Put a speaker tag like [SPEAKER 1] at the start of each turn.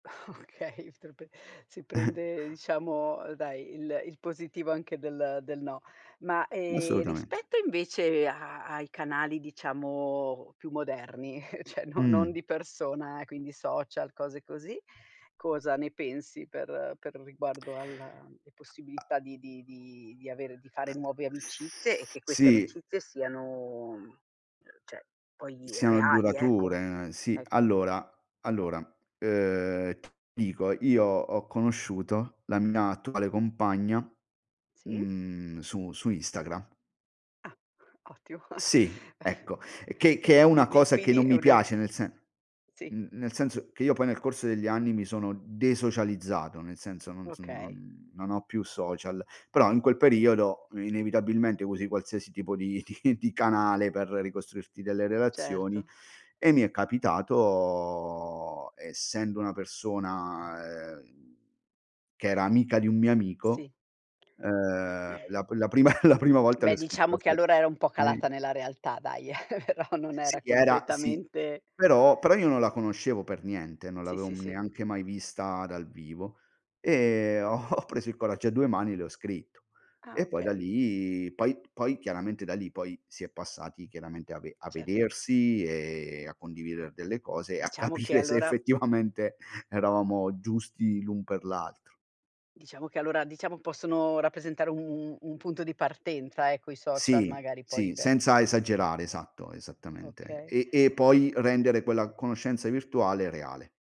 [SPEAKER 1] Okay, te lo p si prende diciamo dai il il positivo anche del del no. Ma,
[SPEAKER 2] Ma
[SPEAKER 1] ehm,
[SPEAKER 2] assolutamente.
[SPEAKER 1] rispetto invece a ai canali diciamo più moderni cioè non
[SPEAKER 2] Mh-mh.
[SPEAKER 1] non di persona, quindi social, cose così, cosa ne pensi per per riguardo alla
[SPEAKER 2] A
[SPEAKER 1] possibilità di di di avere di fare nuove amicizie e che queste
[SPEAKER 2] Sì.
[SPEAKER 1] amicizie siano, cioè poi
[SPEAKER 2] Siano
[SPEAKER 1] reali, ecco,
[SPEAKER 2] durature. Sì,
[SPEAKER 1] ecco.
[SPEAKER 2] allora allora ehm, t dico, io ho conosciuto la mia attuale compagna,
[SPEAKER 1] Sì.
[SPEAKER 2] mhmm, su su Instagra
[SPEAKER 1] Ah ottimo.
[SPEAKER 2] Sì, ecco, che che è una
[SPEAKER 1] Quindi,
[SPEAKER 2] cosa che
[SPEAKER 1] quindi
[SPEAKER 2] non
[SPEAKER 1] è
[SPEAKER 2] mi
[SPEAKER 1] una c
[SPEAKER 2] piace nel sen
[SPEAKER 1] Sì.
[SPEAKER 2] mhmm, nel senso che io poi nel corso degli anni mi sono desocializzato, nel senso non s
[SPEAKER 1] Okay.
[SPEAKER 2] non non ho più social, però in quel periodo inevitabilmente usi qualsiasi tipo di di di canale per ricostruirti delle relazioni
[SPEAKER 1] Certo.
[SPEAKER 2] e mi è capitato, essendo una persona ehm, che era amica di un mio
[SPEAKER 1] Sì.
[SPEAKER 2] amico ehm la pri la prima la prima volta le
[SPEAKER 1] Beh,
[SPEAKER 2] ho
[SPEAKER 1] diciamo
[SPEAKER 2] scritto
[SPEAKER 1] che
[SPEAKER 2] su
[SPEAKER 1] allora era un po' calata nella realtà dai, però non
[SPEAKER 2] Sì,
[SPEAKER 1] era
[SPEAKER 2] era sì
[SPEAKER 1] completamente
[SPEAKER 2] però però io non la conoscevo per niente, non
[SPEAKER 1] Sì,
[SPEAKER 2] l'avevo,
[SPEAKER 1] sì,
[SPEAKER 2] hm,
[SPEAKER 1] sì.
[SPEAKER 2] neanche mai vista dal vivo e ho ho preso il coraggio a due mani e le ho scritto.
[SPEAKER 1] Ah,
[SPEAKER 2] E poi da
[SPEAKER 1] okay.
[SPEAKER 2] lì, poi poi chiaramente da lì poi si è passati chiaramente a ve a
[SPEAKER 1] Certo.
[SPEAKER 2] vedersi e a condividere delle cose e a
[SPEAKER 1] Diciamo che
[SPEAKER 2] capire se
[SPEAKER 1] allora
[SPEAKER 2] effettivamente eravamo giusti l'un per l'altro.
[SPEAKER 1] Diciamo che allora diciamo possono rappresentare un u un punto di partenza ecco i social
[SPEAKER 2] Sì,
[SPEAKER 1] magari poi
[SPEAKER 2] sì,
[SPEAKER 1] per
[SPEAKER 2] senza esagerare, esatto, esattamente.
[SPEAKER 1] Okay.
[SPEAKER 2] E e poi rendere quella conoscenza virtuale reale.